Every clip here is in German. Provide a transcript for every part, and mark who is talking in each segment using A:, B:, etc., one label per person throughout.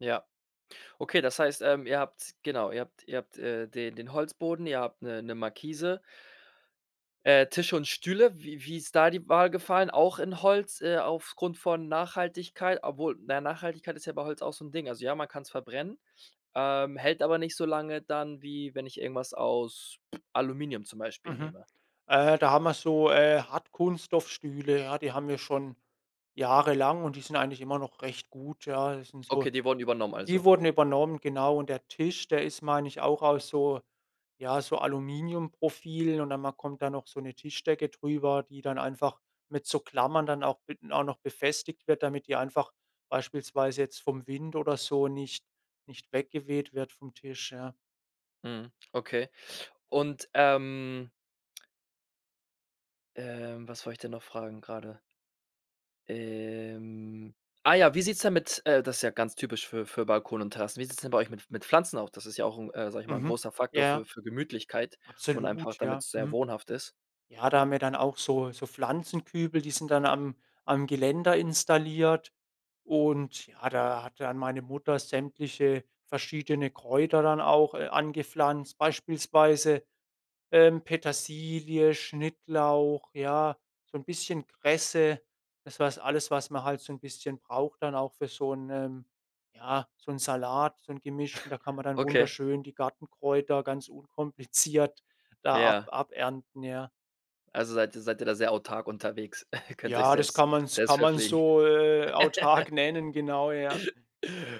A: Ja. Okay, das heißt, ähm, ihr habt genau, ihr habt ihr habt, äh, den den Holzboden, ihr habt 'ne 'ne Markise, Äh, Tische und Stühle. Wie wie ist da die Wahl gefallen, auch in Holz, äh, aufgrund von Nachhaltigkeit? Obwohl, naja, Nachhaltigkeit ist ja bei Holz auch so 'n Ding. Also ja, man kann's verbrennen, ähm, hält aber nicht so lange dann, wie wenn ich irgendwas aus, Aluminium zum Beispiel
B: Mhm.
A: nehme.
B: Äh, da haben wir so, äh, Hartkunststoffstühle, ja, die haben wir schon jahrelang und die sind eigentlich immer noch recht gut, ja. Die sind so
A: Okay, die wurden übernommen
B: die
A: also.
B: wurden übernommen, genau. Und der Tisch, der ist, meine ich, auch aus so ja, so Aluminiumprofilen und dann ma kommt da noch so 'ne Tischdecke drüber, die dann einfach mit so Klammern dann auch mit auch noch befestigt wird, damit die einfach beispielsweise jetzt vom Wind oder so nicht nicht weggeweht wird vom Tisch, ja.
A: Mhm. Okay. Und, ähm ähm, was wollt ich denn noch fragen grade? Ähm, ah ja, wie sieht's denn mit äh, das ist ja ganz typisch für für Balkone und Terrassen, wie sieht's denn bei euch mit mit Pflanzen auch? Das ist ja auch 'n, äh, sage ich mal, 'n
B: Mhm.
A: großer Faktor für
B: Ja.
A: für Gemütlichkeit und einfach,
B: Absolut, ja.
A: damit's sehr
B: Mhm.
A: wohnhaft ist.
B: Ja, da haben wir dann auch so so Pflanzenkübel, die sind dann am am Geländer installiert und ja, da hat dann meine Mutter sämtliche verschiedene Kräuter dann auch, äh, angepflanzt, beispielsweise, ähm, Petersilie, Schnittlauch, ja, so 'n bisschen Kresse. Das was alles was man halt so 'n bisschen braucht dann auch für so 'nen ja, so 'n Salat, so 'n gemischten. Da kann man dann
A: Okay.
B: wunderschön die Gartenkräuter ganz unkompliziert da ab
A: Ja.
B: abernten, ja.
A: Also seid ihr seid ihr da sehr autark unterwegs, könnt euch
B: Ja, das
A: selbst
B: kann man 's
A: selbst
B: kann man
A: verpflegen.
B: so, äh, autark nennen genau, ja.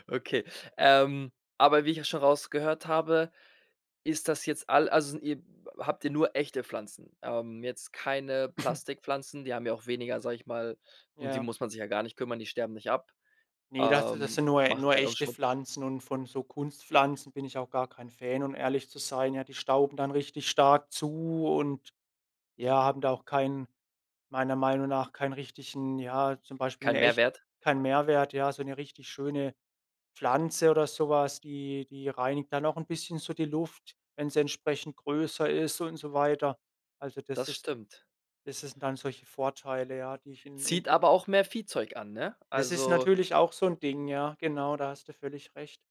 A: Okay, ähm, aber wie ich ja schon rausgehört habe, ist das jetzt all also sind ihr habt ihr nur echte Pflanzen? Ähm, jetzt keine Plastikpflanzen, die haben ja auch weniger sage ich mal, um die
B: Ja.
A: muss man sich ja gar nicht kümmern, die sterben nicht ab,
B: Ne, das das
A: ähm,
B: sind nur e
A: machen
B: nur
A: keinen au
B: echte
A: Schmut
B: Pflanzen und von so Kunstpflanzen bin ich auch gar kein Fan, um ehrlich zu sein. Ja, die stauben dann richtig stark zu und, ja, haben da auch keinen meiner Meinung nach keinen richtigen, ja, zum Beispiel 'n
A: Kein
B: echt
A: Mehrwert.
B: keinen Mehrwert, ja, so 'ne richtig schöne Pflanze oder so was, die die reinigt dann auch 'n bisschen so die Luft, wenn sie entsprechend größer ist und so weiter. Also, das
A: Das
B: ist
A: stimmt.
B: das ist das sind dann solche Vorteile, ja, die ich in in
A: Zieht aber auch mehr Viehzeug an, ne?
B: Das ist
A: Also
B: natürlich auch so 'n Ding, ja genau, da hast du völlig recht.